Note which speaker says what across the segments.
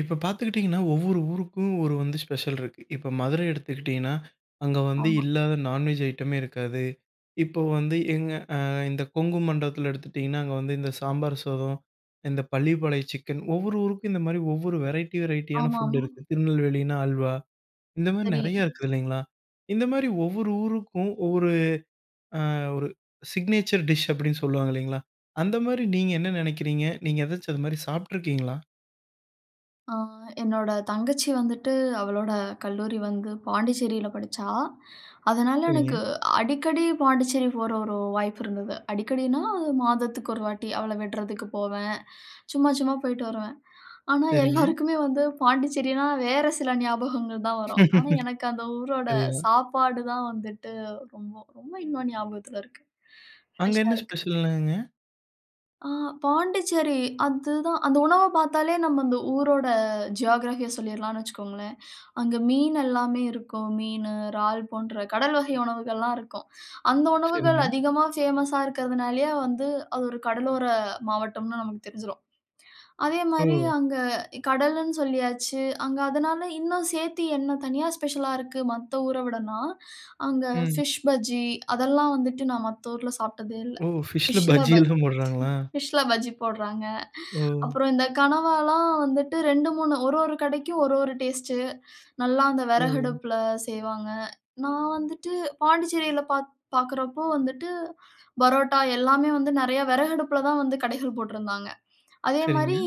Speaker 1: இப்போ பார்த்துக்கிட்டிங்கன்னா ஒவ்வொரு ஊருக்கும் ஒரு வந்து ஸ்பெஷல் இருக்கு. இப்போ மதுரை எடுத்துக்கிட்டிங்கன்னா, அங்க வந்து
Speaker 2: ஆமா.
Speaker 1: இல்லாத நான்வெஜ் ஐட்டமே இருக்காது. இப்போ வந்து எங்க ஆ, இந்த கொங்கு மண்டலத்துல எடுத்துகிட்டிங்கன்னா அங்க வந்து இந்த சாம்பார் சாதம், இந்த பள்ளிபாலைய சிக்கன் ஒவ்வொரு ஊருக்கும் இந்த மாதிரி ஒவ்வொரு வெரைட்டி வெரைட்டி யானா ஃபுட்
Speaker 2: ஆமாமா.
Speaker 1: இருக்கு. திருநெல்வேலினா அல்வா, இந்த மாதிரி
Speaker 2: சரி.
Speaker 1: நெறையா இருக்கு இல்லைங்களா? இந்த மாரி ஒவ்வொரு ஊருக்கும் ஒவ்வொரு ஆ ஒரு சிக்னேச்சர் டிஷ் அப்படின்னு சொல்லுவாங்க இல்லைங்களா, அந்த மாரி நீங்க என்ன நெனைக்கிறீங்க? நீங்க ஏதாச்சும் அதுமாதிரி சாப்பிட்டுருக்கீங்களா?
Speaker 2: அ என்னோட தங்கச்சி வந்துட்டு, அவளோட கல்லூரி வந்து பாண்டிச்சேரில படிச்சா. அதனால
Speaker 1: சரிங்க.
Speaker 2: எனக்கு அடிக்கடி பாண்டிச்சேரி போற ஒரு வாய்ப்பு இருந்தது. அடிக்கடினா, மாதத்துக்கு ஒரு வாட்டி அவள விடுறதுக்கு போவேன். சும்மா சும்மா போயிட்டு வருவேன். ஆனா,
Speaker 1: சரிங்க.
Speaker 2: எல்லாருக்குமே வந்து பாண்டிச்சேரினா வேறு சில ஞாபகங்கள் தான் வரும். ஆனா எனக்கு அந்த ஊரோட
Speaker 1: அதேதான்.
Speaker 2: சாப்பாடு தான் வந்துட்டு ரொம்ப ரொம்ப இன்னும் ஞாபகத்துல இருக்கு,
Speaker 1: அங்க
Speaker 2: ஃப்ரெஷா
Speaker 1: என்ன
Speaker 2: இருக்கு.
Speaker 1: ஸ்பெஷல்னாங்க?
Speaker 2: அ பாண்டிச்சேரி அதுதான். அந்த உணவ பார்த்தாலே நம்ம அந்த ஊரோட ஜியோகிராஃபி ய சொல்லிரலாம்னு வச்சுக்கோங்களேன். அங்க மீன் எல்லாமே இருக்கும் மீனு, இறால் போன்ற கடல் வகை உணவுகள்லாம் இருக்கும். அந்த உணவுகள்
Speaker 1: சரிங்க.
Speaker 2: அதிகமா ஃபேமஸ் ஸா இருக்கிறதுனாலேயே வந்து அது ஒரு கடலோர மாவட்டம்னு நமக்கு தெரிஞ்சிரும்.
Speaker 1: ஓ!
Speaker 2: அதேமாரி அங்க கடலுன்னு சொல்லியாச்சு அங்க அதனால, இன்னும் சேத்தி என்ன தனியா ஸ்பெஷலா இருக்கு மத்த ஊர விடனா. அங்க
Speaker 1: ம்.
Speaker 2: ஃபிஷ் பஜ்ஜி அதெல்லா வந்துட்டு நான் மத்த ஊர்ல சாப்பிட்டதே இல்ல.
Speaker 1: ஓ! ஃபிஷ்ல
Speaker 2: ஃபிஷ்ஷில
Speaker 1: பஜ்ஜி
Speaker 2: பஜ்ஜி
Speaker 1: எல்லாம் போடுறாங்களா?
Speaker 2: ஃபிஷ்ஷில பஜ்ஜி போடுறாங்க.
Speaker 1: ஓ!
Speaker 2: அப்புறம் இந்த கனவாலாம் வந்துட்டு 2 3 ஒரு ஒரு கடைக்கும் ஒரு ஒரு டேஸ்ட்டு, நல்லா அந்த
Speaker 1: ஓ!
Speaker 2: வெறகடுப்பில செய்வாங்க. நான் வந்துட்டு பாண்டிச்சேரியில பா பார்க்குறப்போ வந்துட்டு பரோட்டா எல்லாமே வந்து நெறைய வெறகடுப்பில தான் வந்து கடைகள் போட்டுருந்தாங்க. அதேமாதிரி
Speaker 1: சரிங்க.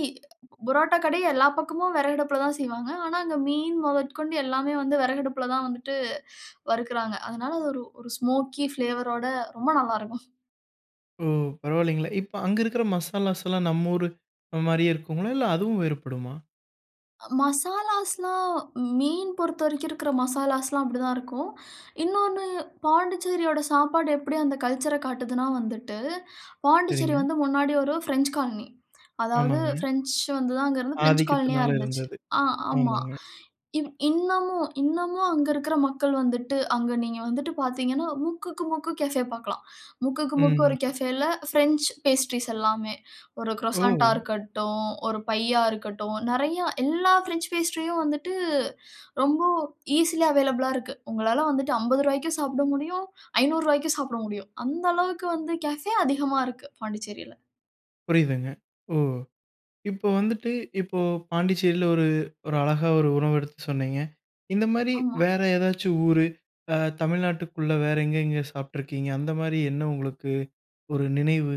Speaker 2: பரோட்டா கடை எல்லா பக்கமும் வெறகடுப்பில தான் செய்வாங்க. ஆனா அங்க மீன் முதற்கொண்டு எல்லாமே வந்து வெறகடுப்பில தான் வந்துட்டு வறுக்குறாங்க. அதனால அது ஒரு ஒரு ஸ்மோக்கி ஃப்ளேவர் ரோட ரொம்ப நல்லாயிருக்கும்.
Speaker 1: ஓ! பரவாயில்லங்களே. இப்ப, அங்க இருக்கிற மசாலாஸ்லா நம்ம ஊரு மாரியே இருக்குங்களா? இல்ல, அதுவும் வேறுபடுமா?
Speaker 2: மசாலாஸ்லா மீன் பொறுத்த வரைக்கும் இருக்கிற மசாலாஸ்லாம், அப்படி தான் இருக்கும். இன்னொனு, பாண்டிச்சேரியோட சாப்பாடு எப்படி அந்த கல்ச்சர காட்டுதுனா வந்துட்டு. பாண்டிச்சேரி
Speaker 1: சரிங்க.
Speaker 2: வந்து முன்னாடி ஒரு பிரெஞ்ச் காலனி. அதாவது
Speaker 1: ஆமாங்க.
Speaker 2: பிரெஞ்ச் வந்து தான், அங்கருந்து பிரெஞ்ச் காலனியா
Speaker 1: ஆதிக்கத்தினால
Speaker 2: இருந்துச்சு.
Speaker 1: இருந்தது.
Speaker 2: ஆ, ஆமா.
Speaker 1: ஆமாங்க.
Speaker 2: இன் இன்னமும், இன்னமும் அங்க இருக்கிற மக்கள் வந்துட்டு, அங்க நீங்க வந்துட்டு பாத்தீங்கன்னா, முக்குக்கு முக்கு கேஃபே பாக்கலாம். முக்குக்கு முக்கு
Speaker 1: ம்.
Speaker 2: ஒரு கேஃபேல பிரெஞ்ச் பேஸ்ட்ரீஸ் எல்லாமே. ஒரு குரோசண்டா
Speaker 1: ஓ!
Speaker 2: இருக்கட்டும், ஒரு பையா இருக்கட்டும், நெறயா. எல்லா பிரெஞ்ச் பேஸ்ட்ரியும் வந்துட்டு, ரொம்ப ஈசிலி அவைலபிளா இருக்கு. உங்களால வந்துட்டு, ரூ.50க்கும் சாப்பிட முடியும், ரூ.500க்கும் சாப்பிட முடியும். அந்த அளவுக்கு வந்து, கேஃபே அதிகமா இருக்கு. பாண்டிச்சேரில.
Speaker 1: புரியுதுங்க. ஓ! இப்ப வந்துட்டு, இப்போ பாண்டிச்சேரில ஒரு ஒரு அழகா ஒரு உணவு எடுத்து சொன்னீங்க. இந்த மாரி,
Speaker 2: ஆமா.
Speaker 1: வேற ஏதாச்சு ஊரு, அ தமிழ்நாட்டுக்குள்ள வேற எங்க, எங்க சாப்பிட்ருக்கீங்க? அந்த மாரி, என்ன உங்களுக்கு ஒரு நினைவு?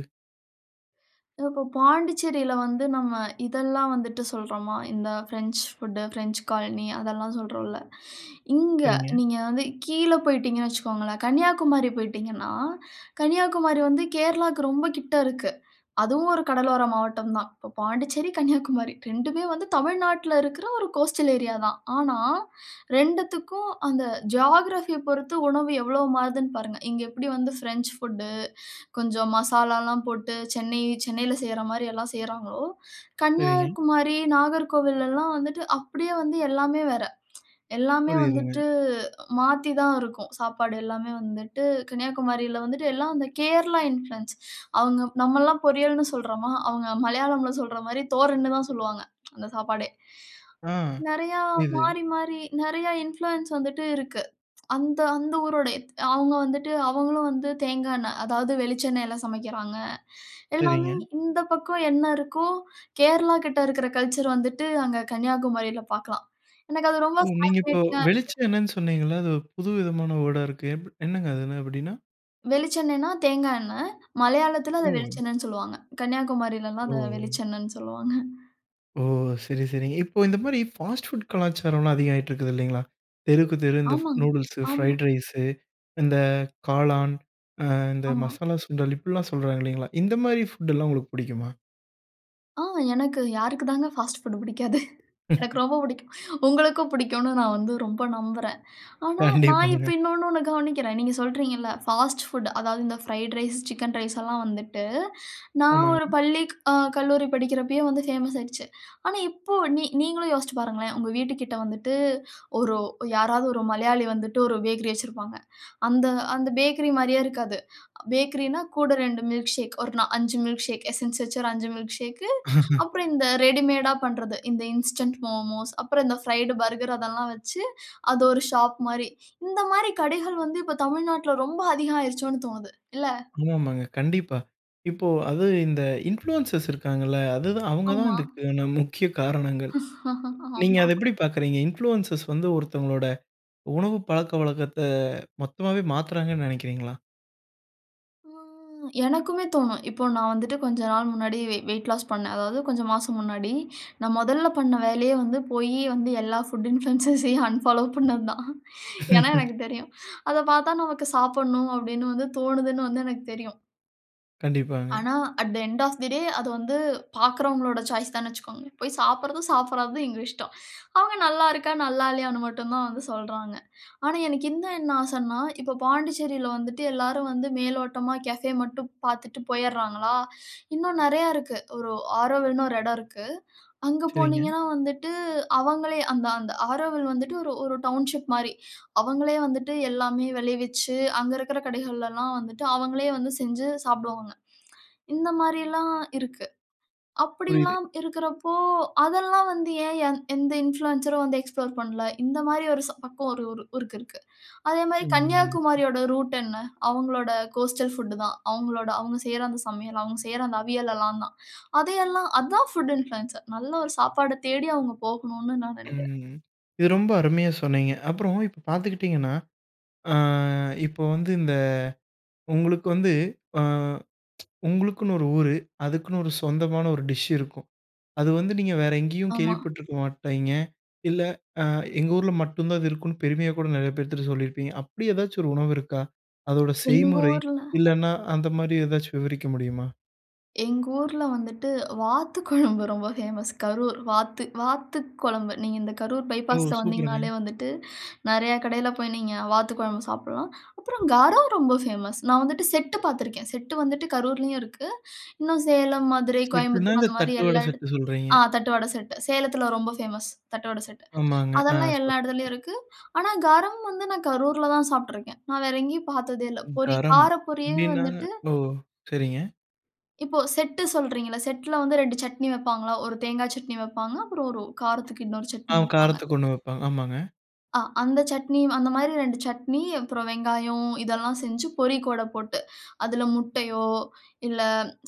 Speaker 2: இப்போ பாண்டிச்சேரியில வந்து நம்ப இதெல்லாம் வந்துட்டு சொல்லுறோமா, இந்த பிரெஞ்ச் பூட், பிரெஞ்ச் காலனி அதெல்லாம் சொல்லுறோம்ல. இங்க
Speaker 1: சரிங்க.
Speaker 2: நீங்க வந்து கீழ போய்விட்டீங்கனு வச்சிக்கோங்களேன் கன்னியாகுமரி போயிடீங்கன்னா கன்னியாகுமரி வந்து கேரளாக்கு ரொம்ப கிட்ட இருக்கு. அதுவும் ஒரு கடலோர மாவட்டம் தான். இப்போ பாண்டிச்சேரி, கன்னியாகுமரி 2மே வந்து தமிழ்நாட்டில்ல இருக்குற ஒரு கோஸ்டல் ஏரியா தான். ஆனா, 2க்கும் அந்த ஜியோகிராஃபி ய பொறுத்து உணவு எவ்வளவு மாறுதுனு பாருங்க. இங்க எப்படி வந்து பிரெஞ்ச் ஃபுட் கொஞ்சம் மசாலா எல்லாம் போட்டு சென்னை சென்னையில செய்யுற மாரி எல்லாம் செய்யுறாங்களோ
Speaker 1: சரிங்க.
Speaker 2: கன்னியாகுமரி, நாகர்கோவில்லலாம் வந்துட்டு அப்படியே வந்து எல்லாமே வேற. எல்லாமே
Speaker 1: புரியுதுங்க.
Speaker 2: வந்துட்டு மாத்தி தான் இருக்கும். சாப்பாடு எல்லாமே வந்துட்டு, கன்னியாகுமரியில வந்துட்டு எல்லாம் கேரளா இன்ஃப்ளூயன்ஸ். அவங்க நம்பல்லாம் பொரியல்னு சொல்லுறோமா அவங்க மலையாளம்ல சொல்லுற மாதிரி தோர்னு தான் சொல்வாங்க, அந்த சாப்பாடே.
Speaker 1: ஆ,
Speaker 2: நெறையா
Speaker 1: புரியுது.
Speaker 2: மாறி, மாறி நெறையா இன்ஃப்ளூயன்ஸ் வந்துட்டு இருக்கு. அந்த அந்த ஊரோட அவங்க வந்துட்டு அவங்களும் வந்து தேங்கா எண்ண அதாவது வெளிச்ச எண்ணெயில சமைக்குறாங்க. எல்லாமே
Speaker 1: சரிங்க.
Speaker 2: இந்த பக்கம் என்ன இருக்கோ, கேரளா கிட்ட இருக்குற கல்ச்சர் வந்துட்டு அங்க கன்னியாகுமரியில பாக்கலாம். எனக்கு அது ரொம்ப
Speaker 1: ஓ! நீங்க இப்போ
Speaker 2: ஃபாசினேட்டிங் அ
Speaker 1: வெளிச்ச
Speaker 2: இருக்கு.
Speaker 1: எண்ணனு சொன்னீங்கல்ல. அது புதுவிதமான வேர்ட் அ இருக்கு. எ என்னங்க அது என்ன அப்டீன்னா?
Speaker 2: வெளிச்செண்ணெய்னா தேங்கா எண்ணெய், மலையாளத்தில அத
Speaker 1: ஒ.
Speaker 2: வெளிச்செண்ணன்னு சொல்லுவாங்க. கன்னியாகுமாரில எல்லாம் அத
Speaker 1: ஓ!
Speaker 2: வெளிச்செண்ணன்னு சொல்லுவாங்க.
Speaker 1: ஓ! சரி, சரிங்க. இப்போ இந்த மாரி ஃபாஸ்ட் ஃபுட் கலாச்சாரம்ல்லாம் அதிக ஆயிட்ருக்குது இல்லைங்களா? தெருக்கு தெரு இந்த ஃப்
Speaker 2: ஆமாங்,
Speaker 1: நூடுல்ஸு,
Speaker 2: ஆமா.
Speaker 1: ஃபிரைட் ரைசு, இந்த காளான். அ, இந்த
Speaker 2: ஆமா.
Speaker 1: மசாலா சுண்டல் இப்படில்லாம் சொல்றாங்க இல்லைங்களா? இந்த மாரி ஃபுட் எல்லாம் உங்களுக்கு புடிக்குமா?
Speaker 2: ஆ எனக்கு யாருக்கு தாங்க ஃபாஸ்ட் ஃபுட்டு புடிக்காது. எனக்கு ரொம்ப புடிக்கும். உங்களுக்கும் புடிக்குன்னு நான் வந்து ரொம்ப நம்புறேன். ஆனா, நான் இப்ப
Speaker 1: கண்டிப்பாங்க.
Speaker 2: இன்னொன்னு ஒண்ண கவனிக்கிறேன். நீங்க சொல்றீங்கல்ல ஃபாஸ்ட் ஃபுட், அதாவது இந்த ஃப்ரைட் ரைஸ், சிக்கன் ரைஸ் எல்லாம் வந்துட்டு, நான் ஒரு
Speaker 1: ஆமாங்க.
Speaker 2: பள்ளிக் அ கல்லூரி படிக்கிறப்பயே வந்து ஃபேமஸ் ஆயிடுச்சு. ஆனா இப்போ நீ நீங்களும் யோசிச்சு பாருங்களேன், உங்க வீட்டுக்கிட்ட வந்துட்டு, ஒரு யாராவது ஒரு மலையாளி வந்துட்டு ஒரு பேக்கரி வச்சிருப்பாங்க. அந்த அந்த பேக்கரி மாரியே இருக்காது. பேக்கரின்னா, கூட 2 மில்க்க்ஷேக், ஒரு நா 5 மில்க்க்ஷேக். எசென்ஸ் வச்சு ஒரு 5 மில்க்க்ஷேக்கு, அப்புறம் இந்த ரெடிமேடா பண்றது, இந்த இன்ஸ்டன்ட் மோமோஸ், அப்புறம் இந்த ஃபிரைடு பர்கர் அதெல்லாம் வச்சு, அது ஒரு ஷாப் மாரி. இந்த மாரி கடைகள் வந்து இப்ப தமிழ்நாட்டுல ரொம்ப அதிகம் ஆயிருச்சோன்னு தோணுது, இல்ல?
Speaker 1: ஆமாமாங்க, கண்டிப்பா. இப்போ அதுவும் இந்த இன்ஃப்ளூயன்சர்ஸ் இருக்காங்கல்ல, அது தான் அவுங்க தான்
Speaker 2: ஆமா.
Speaker 1: இதுக்கான முக்கிய காரணங்கள். நீங்க அத
Speaker 2: ஆமா.
Speaker 1: எப்படி பாக்குறீங்க? இன்ஃப்ளூயன்சர்ஸ் வந்து ஒருத்தவங்களோட உணவு பழக்கவழக்கத்த மொத்தமாவே மாத்துறாங்கன்னு நெனைக்கிறீங்களா?
Speaker 2: ம் எனக்குமே தோணும் இப்போ நான் வந்துட்டு கொஞ்ச நாள் முன்னாடி வெ வெய்ட் லாஸ் பண்ணேன். அதாவது கொஞ்சம் மாசம் முன்னாடி. நான் முதல்ல பண்ண வேலையே வந்து போய் வந்து எல்லா ஃபுட் இன்ஃப்ளென்ஸஸையும் அன்ஃபாலோ பண்ணது தான். ஏன்னா, எனக்கு தெரியும், அத பாத்தா நமக்கு சாப்பிடணும் அப்டின்னு வந்து தோணுதுன்னு வந்து எனக்கு தெரியும்.
Speaker 1: கண்டிப்பாங்க.
Speaker 2: ஆனா, at the end of the day அது வந்து பாக்கிறவர்களோட சாய்ஸ் தானு வச்சிகோங்க. போய் சாப்பிறதும், சாப்பிடாததும் எங்க இஷ்டம். அவங்க நல்லா இருக்க, நல்லா இல்லையானு மட்டும் தான் வந்து சொல்றாங்க. ஆனா, எனக்கு இந்த என்ன ஆசைன்னா, இப்போ பாண்டிச்சேரியில வந்துட்டு எல்லாரும் வந்து மேலோட்டமா கேஃபே மட்டும் பாத்துட்டு போயராங்களா? இன்னும் நெறைய இருக்கு. ஒரு Aurovilleனு ஒரு இடம் இருக்கு, அங்கு
Speaker 1: சரிங்க.
Speaker 2: போனீங்கனா வந்துவிட்டு, அவங்களே அந்த அந்த Auroville வந்துட்டு ஒரு, ஒரு டவுன்ஷிப் மாரி. அவங்களே வந்துட்டு எல்லாமே விளைவிச்சு அங்கு இருக்கிற கடைகளில எல்லாம் வந்துட்டு அவங்களே வந்து செஞ்சு சாப்பிடுவாங்க. இந்த மாரி எல்லாம் இருக்கு.
Speaker 1: புரியுது.
Speaker 2: அப்டியெல்லாம் இருக்கிற போ, அதெல்லாம் வந்து ஏ எந் எந்த இன்ஃப்ளூயன்ஸ்‌ ஸரும் வந்து எக்ஸ்ப்ளோர் பண்ணல? இந்த மாரி ஒரு ச பக்கம் ஒரு ஊருக்கு இருக்கு. அதே மாரி
Speaker 1: ம்.
Speaker 2: கன்னியாகுமரியோட ரூட் என்ன? அவங்களோட கோஸ்டல் ஃபுட் தான். அவங்களோட அவங்க செய்யிற அந்த சமையல், அவங்க செய்யிற அந்த அவியல் எல்லாம் தான். அதெல்லாம் அது தான் ஃபுட் இன்ஃப்ளூயன்ஸ்‌ஸர். நல்ல ஒரு சாப்பாடு தேடி அவங்க போகணுன்னு நான் நனைக்கிறேன்.
Speaker 1: ம், இது ரொம்ப அருமையா சொன்னீங்க. அப்றோம் இப்ப பாத்துக்கிட்டிங்கன்னா, அ இப்ப வந்து இந்த உங்களுக்கு வந்து அ உங்களுக்குன்னு ஒரு ஊரு, அதுக்குன்னு ஒரு சொந்தமான ஒரு டிஷ் இருக்கும். அது, வந்து நீங்க வேறு எங்கேயும்
Speaker 2: ஆமா.
Speaker 1: கேள்விப்பட்டுருக்க மாட்டீங்க, இல்ல அ எங்க ஊர்ல மட்டும் தான் அது இருக்கும்னு பெருமையா கூட நெறைய பேர்த்துகிட்ட சொல்லியிருப்பீங்க. அப்டி எதாச்சும் ஒரு உணவு இருக்கா? அதோட
Speaker 2: எங்க
Speaker 1: செய்முறை,
Speaker 2: ஊர்ல.
Speaker 1: இல்லனா அந்த மாரி எதாச்சும் விவரிக்க முடியுமா?
Speaker 2: எங்க ஊர்ல வந்துட்டு வாத்து குழம்பு ரொம்ப ஃபேமஸ். கரூர் வாத்து வாத்து குழம்பு. நீங்க இந்த கரூர்
Speaker 1: ஓ!
Speaker 2: பைபாஸ்ல
Speaker 1: சூப்பர்‌ங்க.
Speaker 2: வந்தீங்கனாலே வந்துட்டு நெறைய கடையில போய் நீங்க வாத்துக் குழம்பு சாப்பிடலாம். அப்புறம் கரம் ரொம்ப ஃபேமஸ். நான் வந்துட்டு செட்டு பார்த்துருக்கேன். செட்டு வந்துட்டு கரூர்லயும் இருக்கு. இன்னும் சேலம், மதுரை,
Speaker 1: செட்டுன்னா,
Speaker 2: கோயம்புத்தூர்
Speaker 1: இந்த
Speaker 2: அந்த மாதிரி
Speaker 1: தட்டு வடை
Speaker 2: எல்லா
Speaker 1: செட்டு
Speaker 2: இடத்
Speaker 1: சொல்றீங்க.
Speaker 2: ஆ தட்டு வடை செட்டு. சேலத்தில ரொம்ப ஃபேமஸ். தட்டு வடை செட்.
Speaker 1: ஆமாங்க. ஆ.
Speaker 2: அதெல்லாம் எல்லா இடத்துலயும்
Speaker 1: [unintelligible]
Speaker 2: இருக்குது. ஆனா, கரம் வந்து நான் கரூர்ல தான் சாப்பிட்டுருக்கேன். நான் வேற எங்கயும் பாத்ததே இல்ல.
Speaker 1: ம்
Speaker 2: பொரி
Speaker 1: கரம்
Speaker 2: கார பொரியே
Speaker 1: அப்பிடின்னா?
Speaker 2: வந்துட்டு
Speaker 1: ஓ! சரிங்க.
Speaker 2: இப்போ செட் சொல்றீங்க அல்ல. செட்‌ல வந்து 2 சட்னி வப்பாங்களா? ஒரு தேங்காய் சட்னி வப்பாங்க, அப்புறம் ஒரு காரத்திற்கு இன்னொரு
Speaker 1: ஆ
Speaker 2: சட்னி வப்பாங்க.
Speaker 1: காரத்துக்கு ஒண்ணு வப்பாங்க. ஆமாங்க.
Speaker 2: ஆ, அந்த சட்னி அந்த மாதிரி 2 சட்னி. அப்புறம் வெங்காயம் இதெல்லாம் செஞ்சு பொறி கூட போட்டு, அதில முட்டையோ, இல்ல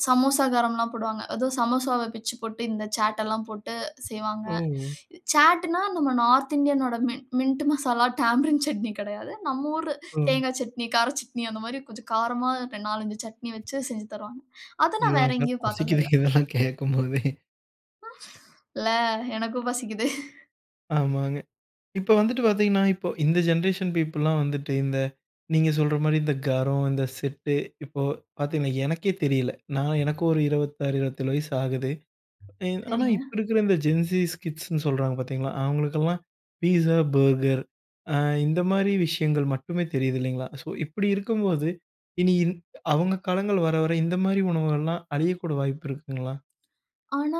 Speaker 2: சமோசா கரம் எல்லாம் போடுவாங்க. ஏதோ சமோசாவ பிச்சு போட்டு இந்த சாட் எல்லாம் போட்டு செய்வாங்க.
Speaker 1: ஓஹ்!
Speaker 2: சாட்னா நம்ம நார்த் இந்தியன் உடைய மின்ட் மசாலா, டாம்பரின் சட்னி கிடையாது. நம் ஊர்
Speaker 1: ஓஹ்!
Speaker 2: தேங்காய் சட்னி, கார சட்னி அந்த மாதிரி கொஞ்சம் காரமா 4, 5 சட்னி வச்சு செஞ்சு தருவாங்க. அத நான் வேற எங்கயும் பாத்தது இல்ல.
Speaker 1: [unintelligible] [unintelligible] கேட்கும்போதே.
Speaker 2: இல்ல எனக்கும் பசிக்குது.
Speaker 1: ஆமாங்க. இப்போ வந்துட்டு பாத்தீங்கன்னா, இப்போ இந்த ஜெனரேஷன் பீப்பிள் லாம் வந்துட்டு, இந்த நீங்க சொல்ற மாதிரி இந்த கரம், இந்த செட்டு, இப்போ பாத்தீங்கன்னா, எனக்கே தெரியல. நான் எனக்கு ஒரு 26, 27 வயசு ஆகுது. ஆனா,
Speaker 2: சரிங்க
Speaker 1: இப்போ இருக்ற இந்த ஜென்ஸீஸ் கிட்ஸ் ன்னு சொல்றாங்க பார்த்தீங்களா? அவங்களுக்லாம் பீஸா, பர்கர் அ இந்த மாதிரி விஷயங்கள் மட்டுமே தெரியுது இல்லைங்களா? ஸோ இப்டி இருக்கும்போது, இனி இன் அவங்க காலங்கள் வர, வர இந்த மாதிரி உணவுகள்லாம் அழியக்கூடிய வாய்ப்பு இருக்குங்களா?
Speaker 2: ஆனா,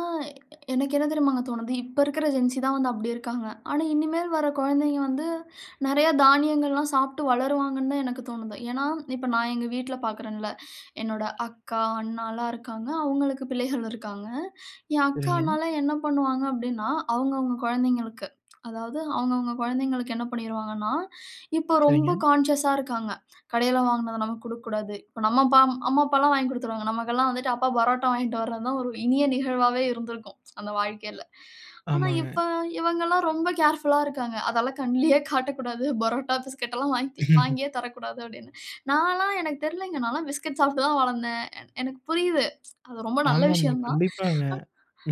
Speaker 2: எனக்கு என்ன தெரியுமாங்க தோணுது? இப்ப இருக்குற ஜென்ஸி தான் வந்து அப்டி இருக்காங்க. ஆனா, இனிமேல் வர்ற கொழந்தைங்க வந்து, நெறைய தானியங்கள்லாம் சாப்ட்டு வளருவாங்கன்னு தான் எனக்கு தோணுது. ஏன்னா, இப்போ நான் எங்க வீட்ல பார்க்குறன்ல்ல, என்னுட அக்கா, அண்ணால்லாம் இருக்காங்க. அவங்களுக்கு பிள்ளைகள் இருக்காங்க. என் அக்கா,
Speaker 1: சரிங்க.
Speaker 2: அண்ணால்லாம் என்ன பண்ணுவாங்க? அப்டின்னா, அவுங்க அவுங்க கொழந்தைங்களுக்கு, அதாவது அவுங்க, அவுங்க கொழந்தைங்களுக்கு என்ன பண்ணீருவாங்கன்னா, இப்போ ரொம்ப
Speaker 1: சரிங்க.
Speaker 2: கான்ஷியஸ்‌ ஸா இருக்காங்க. கடையில வாங்கினது நமக்கு குடுக்கக்கூடாது. இப்போ நம்ம பா அம்மா, அப்பால்லாம் வாங்கி குடுத்துருவாங்க. நமக்குல்லாம் வந்துட்டு அப்பா பரோட்டா வாங்கிட்டு வர்ற தான் ஒரு இனிய நிகழ்வாவே இருந்திருக்கும், அந்த வாழ்க்கையில. ஆனா,
Speaker 1: ஆமாங்க.
Speaker 2: இப்ப இவங்கல்லாம் ரொம்ப கேர்ஃபுல்‌லா இருக்காங்க. அதல்லாம் கண்லயே காட்டக்கூடாது பரோட்டா, பிஸ்கட்ல்லாம் வாங்கிதி வாங்கியே தரக்கூடாது அப்டினு. நான்ல்லாம் எனக்கு தெர்ல்லங்க, நான்ல்லாம் பிஸ்கட் சாப்ட்டு தான் வளர்ந்தேன். என் எனக்கு புரியுது. அது ரொம்ப நல்ல
Speaker 1: ஆமாமா.
Speaker 2: விஷயம் தான்.
Speaker 1: கண்டிப்பாங்க.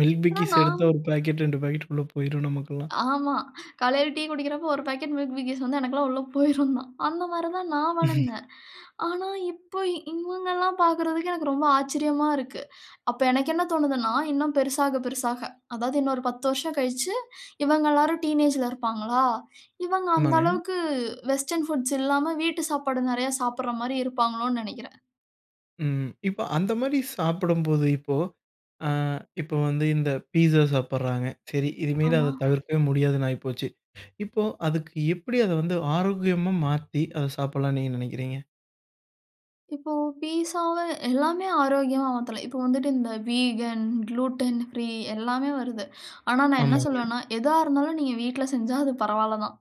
Speaker 1: Milk
Speaker 2: ஆனா
Speaker 1: Bikis
Speaker 2: நான்
Speaker 1: எடுத்தா, 1 பாக்கெட், 2 பாக்கெட்டு உள்ள போயிரும், நமக்கெல்லாம்.
Speaker 2: ஆமா, காலையில டீ குடிக்கிறப்போ ஒரு பாக்கெட் Milk Bikis வந்தா எனக்குலாம் உள்ள போயிரும் தான். அந்த மாதிரி தான், நான் வளர்ந்தேன். ஆனா, இப்போ இவங்கல்லாம் பாக்கறதுக்கு, எனக்கு ரொம்ப ஆச்சரியமா இருக்கு. அப்ப எனக்கு என்ன தோணுதுன்னா, இன்னும் பெருசாக, பெருசாக அதாவது இன்னும் ஒரு 10 வருஷம் கழிச்சு. இவங்க எல்லாரும் டீனேஜ்‌ல இருப்பாங்களா? இவங்க அந்த
Speaker 1: ஆமாங்க.
Speaker 2: அளவுக்கு வெஸ்டர்ன்ஃபுட்ஸ் இல்லாம, வீட்டு சாப்பாடு நெறைய சாப்ட்ற மாதிரி இருப்பாங்களோனு நெனைக்கிறேன்.
Speaker 1: ம், இப்ப அந்த மாரி சாப்படும்போது இப்போ, ஆ இப்போ வந்து இந்த பீஸ்ஸா சாப்பட்றாங்க. சரி இனிமேலு
Speaker 2: ஆமா.
Speaker 1: அத தவிர்க்கவே முடியாதுனு ஆகிபோச்சு. இப்போ அதுக்கு எப்டி அத வந்து ஆரோக்கியமா மாத்தி, அத சாப்பட்லானு நீங்க நினைக்கிறீங்க?
Speaker 2: இப்போ பீசாவ எல்லாமே ஆரோக்கியமா மாத்தலாம். இப்போ வந்துட்டு இந்த வீகன், க்ளூட்டன் ஃப்ரீ எல்லாமே வருது. ஆனா நான் என்ன
Speaker 1: ஆமாங்க.
Speaker 2: சொல்வேன்னா, எதா இருந்தாலும் நீங்க வீட்ல செஞ்சா அது பரவால்ல தான்.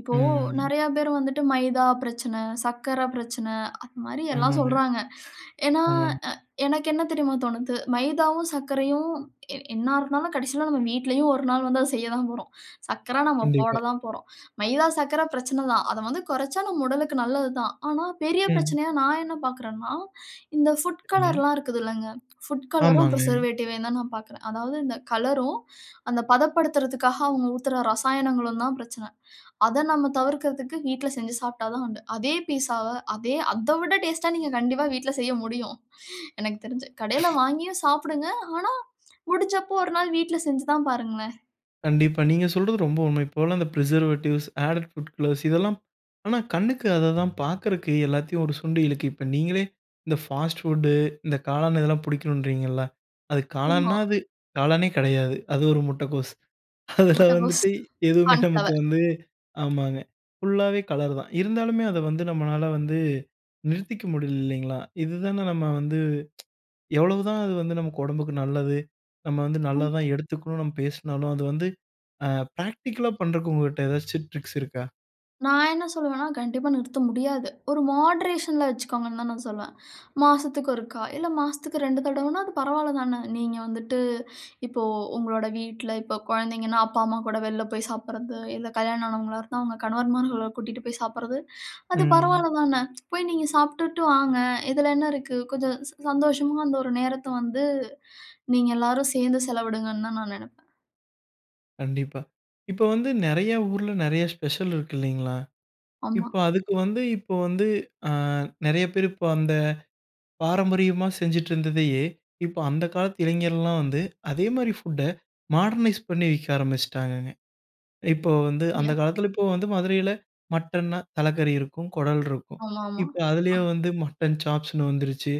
Speaker 2: இப்போ
Speaker 1: ம்.
Speaker 2: நெறையா பேர் வந்துட்டு மைதா பிரச்சன, சர்க்கரை பிரச்சன, அதுமாரி எல்லா
Speaker 1: ஆமாங்க.
Speaker 2: சொல்றாங்க. ஏனா,
Speaker 1: ஆமங்.
Speaker 2: அ எனக்கு என்ன தெரியுமா தோணுது? மைதாவும், சக்கரையும் எ என்னா இருந்தாலும் கடைசில நாம வீட்டிலேயும் ஒரு நாள் வந்து அத செய்யதா போறோம். சக்கர நாம போட
Speaker 1: கண்டிப்பா.
Speaker 2: தான் போறோம். மைதா, சக்கர பிரச்சன தான். அத வந்து குறச்சா நம்ம உடலுக்கு நல்லது தான். ஆனா பெரிய
Speaker 1: ம்.
Speaker 2: பிரச்சனையா நான் என்ன பாக்குறேனா, இந்த ஃபுட்
Speaker 1: சரிங்க.
Speaker 2: கலர்லா இருக்குதில்லங்க. ஃபுட் கலரும்,
Speaker 1: ஆமாங்க.
Speaker 2: பிரிசர் வேட்டிவ்வயும் தான் நான் பாக்குறேன். அதாவது இந்த கலரும், அந்த பதப்படுத்துறதுகாக அவங்க ஊத்துற ரசாயனங்களும் தான் பிரச்சன. அத நம்ம தவிர்க்கிறதுக்கு வீட்ல செஞ்சு சாப்டா தான் உண்டு. அதே பீஸ்ஸாவ அதே அத விட டேஸ்ட்‌டா நீங்க கண்டிப்பா வீட்ல செய்ய முடியும். எனக்கு தெருஞ்சு. கடையில வாங்கியும் சாப்டுங்க. ஆனா முடிஞ்சப்போ ஒரு நாள் வீட்ல செஞ்சு தான் பாருங்களேன்.
Speaker 1: கண்டிப்பா. நீங்க சொல்றது ரொம்ப உண்மை. இப்போலாம் அந்த ப்ரிசர்வேட்டிவ்ஸ், ஆடட் ஃபுட் கலர்ஸ் இதெல்லாம் ஆனா, கண்ணுக்கு அததான் பார்க்கறதுக்கு எல்லாத்தையும் ஒரு சுண்டி இழுக்குது. இப்போ, நீங்களே இந்த ஃபாஸ்ட் ஃபுட்டு இந்த காளான் இதெல்லாம் பிடிக்கணுன்றீங்கல்ல. அது
Speaker 2: உம்மா.
Speaker 1: காளான்னா, அது காளானே கிடையாது. அது ஒரு முட்டக்கோஸ். அதில
Speaker 2: முட்டகோஸ்,
Speaker 1: வந்துட்டு எதுவுமே நமக்கு
Speaker 2: கார்ன்ஃப்ளவர்.
Speaker 1: வந்து ஆமாங்க, ஃபுல்லாவே கலர் தான். இருந்தாலுமே அத வந்து, நம்மளால வந்து நிறுத்திக்க முடியல, இல்லைங்களா. இது தானே நம்ம வந்து, எவ்வளவு தான் அது வந்து, நமக்கு உடம்புக்கு நல்லது. நம்ம வந்து
Speaker 2: அம்
Speaker 1: நல்லது தான் எடுத்துக்கணும். நம்ம பேசினாலும், அது வந்து ஆ பிராக்டிகல்‌லா பண்ணுறக்கு உங்ககிட்ட ஏதாவது ட்ரிக்ஸ் இருக்கா?
Speaker 2: நான் என்ன சொல்லுவேன்னா, கண்டிப்பா நிறுத்த முடியாது. ஒரு மாடரேஷனில வச்சுக்கோங்கன்னு தான், நான் சொல்லுவேன். மாசத்துக்கு ஒருக்கா. இல்ல மாசத்துக்கு 2 தடவைனா, அது பரவாயில்ல தானே. நீங்க வந்துட்டு இப்போ, உங்களோட வீட்டில, இப்போ குழந்தைங்கன்னா, அப்பா, அம்மா கூட வெளியில போய் சாப்பிடுறது. இல்ல, கல்யாணம் ஆனவங்களா இருந்தா, உங்க கணவர்மார்கள கூட்டிட்டு போய் சாப்பிடுறது. அது
Speaker 1: ம்ஹ்.
Speaker 2: பரவாயில்ல தானே. போய் நீங்க சாப்ட்டுட்டு வாங்க. இதில என்ன இருக்கு. கொஞ்சம் ச சந்தோஷமா அந்த ஒரு நேரத்த வந்து, நீங்க எல்லாரும் சேர்ந்து செலவிடுங்கன்னு தான், நான் நினைப்பேன்.
Speaker 1: கண்டிப்பா. இப்போ வந்து நெறைய ஊர்ல, நெறைய ஸ்பெஷல் இருக்கு இல்லைங்களா.
Speaker 2: ஆமா.
Speaker 1: இப்போ, அதுக்கு வந்து, இப்போ வந்து, ஆ நெறைய பேர் இப்போ அந்த பாரம்பரியமா செஞ்சுட்டு இருந்ததையே, இப்போ அந்த காலத்து இளைஞர்கள்லாம் வந்து, அதேமாதிரி ஃபுட்டை, மாடர்னைஸ் பண்ணி விக்க ஆரம்பிச்சுட்டாங்கங்க. இப்போ வந்து, அந்த
Speaker 2: யா.
Speaker 1: காலத்தில, இப்போ வந்து மதுரையில மட்டன்னா, தலக்கறி இருக்கும், குடல் இருக்கும்.
Speaker 2: ஆமாமா.
Speaker 1: இப்போ,
Speaker 2: ஆ.
Speaker 1: அதுலயே வந்து மட்டன் சாப்ஸ்ன்னு வந்துருச்சு.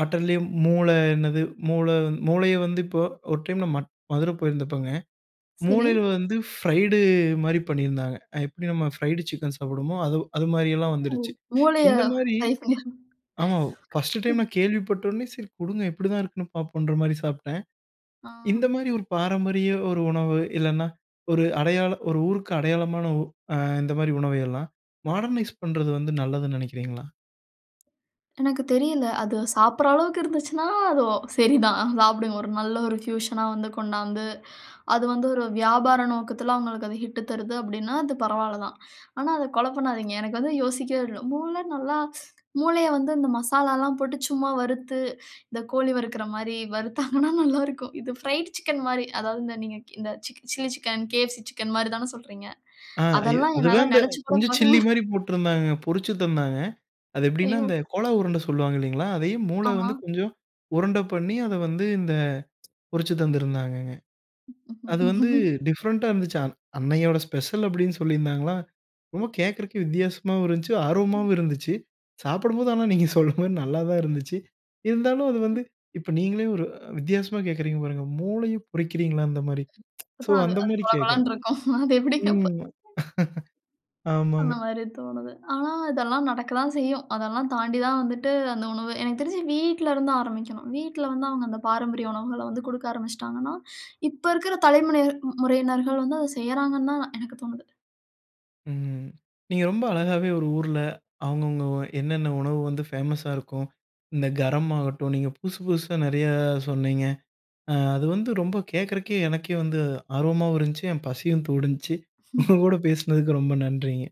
Speaker 1: மட்டன்லேயும் மூளை என்னது மூளை மூளையை வந்து இப்போ ஒரு டைம்ல மட் மதுரை போயிருந்தப்பங்க.
Speaker 2: சரி.
Speaker 1: மூளையில வந்து பிரைட் மாதிரி பண்ணியிருந்தாங்க. எப்படி நம்ம ஃப்ரைடு சிக்கன் சாப்பிடுவோமோ, அதுவு அது மாதிரி எல்லாம்
Speaker 2: ஓ!
Speaker 1: வந்துடுச்சு.
Speaker 2: மூளைய
Speaker 1: இந்த மாரி
Speaker 2: ஃப்ரை
Speaker 1: ஆமா. பர்ஸ்ட் டைம்
Speaker 2: [unintelligible]
Speaker 1: நான் கேள்விப்பட்ட உனே, "சரி குடுங்க" எப்படி தான் இருக்குன்னு பார்ப்போம்ங்கற மாரி சாப்பிட்டேன். இந்த
Speaker 2: ஆஹ்.
Speaker 1: மாரி ஒரு பாரம்பரிய ஒரு உணவு, இல்லன்னா ஒரு அடையாளம் ஒரு ஊருக்கு அடையாளமான உ ஆ இந்த மாதிரி உணவை எல்லாம் மாடர்னைஸ் பண்ணுறது வந்து, நல்லதுன்னு நினைக்கறீங்களா?
Speaker 2: எனக்கு தெரியல அது சாப்பிடுற அளவுக்கு இருந்துச்சுன்னா, அது ஒ சரிதான் ஆ சாப்பிடுங்க. ஒரு நல்ல ஒரு ஃபியூஷன் னா வந்து கொண்டாந்து. அது வந்து ஒரு வியாபார நோக்கத்துல, அவுங்களுக்கு அது ஹிட் தருது அப்டின்னா, அது பரவால தான். ஆனா, அத கொல பண்ணாதீங்க எனக்கு வந்து யோசிக்கவே இல்ல மூளை நல்லா மூளைய வந்து இந்த மசாலாலா போட்டு சும்மா வறுத்து. இந்த கோழி வறுக்குற மாரி வறுத்தாங்கனா நல்லாருக்கும். இது ஃப்ரைட் சிக்கன் மாரி, அதாவது இந்த நீங்க இந்த சில்லி சிக்கன், KFC சிக்கன் மாரி தான சொல்றீங்க.
Speaker 1: ஆ இ
Speaker 2: அதெல்லா என்னால
Speaker 1: அதுதான் இந்த
Speaker 2: நெனச்சு கூட
Speaker 1: கொஞ்சம்
Speaker 2: பார்க்க
Speaker 1: சில்லி
Speaker 2: [unintelligible]
Speaker 1: மாரி போட்டுருந்தாங்க பொரிச்சு தந்தாங்க. அது எப்டின்னா,
Speaker 2: ஐயோ!
Speaker 1: இந்த கோழா உருண்ட சொல்வாங்க இல்லைங்களா? அதையும் மூள வந்து
Speaker 2: ஆமா.
Speaker 1: கொஞ்சம் உருண்ட பண்ணி அத வந்து இந்த பொரிச்சு தந்திருந்தாங்கங்க. அது வந்து டிஃபரண்ட்‌ டா இருந்துச்சா அ அன்னையோட ஸ்பெஷல் அப்டின்னு சொல்லியிருந்தாங்களா ரொம்ப கேட்கறக்கே வித்தியாசமாவும் இருந்துச்சு,
Speaker 2: ம்.
Speaker 1: ஆர்வமாவும் இருந்துச்சு. சாப்பிடும்போது ஆனா நீங்க சொல்ற மாரி நல்லா தான் இருந்துச்சு. இருந்தாலும் அது வந்து இப்ப நீங்களே ஒரு வித்தியாசமா கேட்குறீங்க பாருங்க மூளையும் பொரிக்கிறீர்களா? அந்த மாரி
Speaker 2: இப்ப
Speaker 1: சோ,
Speaker 2: தான் அது
Speaker 1: அந்த மாரி
Speaker 2: கொல
Speaker 1: கேட்குறேன்.
Speaker 2: கொலன்னு இருக்கும். அது
Speaker 1: ம்.
Speaker 2: எப்டிங்க அப்ப
Speaker 1: ஆமாங்க.
Speaker 2: அந்த மாரி தோன்னுது. ஆனா இதெல்லா நடக்க தான் செய்யும். அதெல்லாம் தாண்டி தான் வந்துட்டு அந்த உணவு எனக்கு தெரிஞ்சு வீட்டிலேருந்து ஆரம்பிக்கணும். வீட்ல வந்து அவுங்க அந்த பாரம்பரிய உணவுகள வந்து குடுக்க ஆரம்பிச்சுட்டான்னா. இப்ப இருக்குற தலைமுனையர் முறையினர்கள் வந்து அத செய்றாங்கன்னு தான் நான் எனக்கு தோனுது.
Speaker 1: ம். நீங்க ரொம்ப அழகாவே ஒரு ஊர்ல, அவுங்க அவுங்க என்னென்ன உணவு வந்து ஃபேமஸா இருக்கும். இந்த கரம் ஆகட்டும். நீங்க புதுசு புதுசா நெறைய சொன்னீங்க. அ அது வந்து ரொம்ப கேட்கறக்கே எனக்கே வந்து ஆர்வமாவும் இருந்துச்சு. என் பசியும் தூண்டுணுச்சு உங்க கூட பேசினதுக்கு ரொம்ப நன்றிங்க.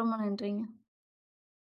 Speaker 2: ரொம்ப நன்றிங்க.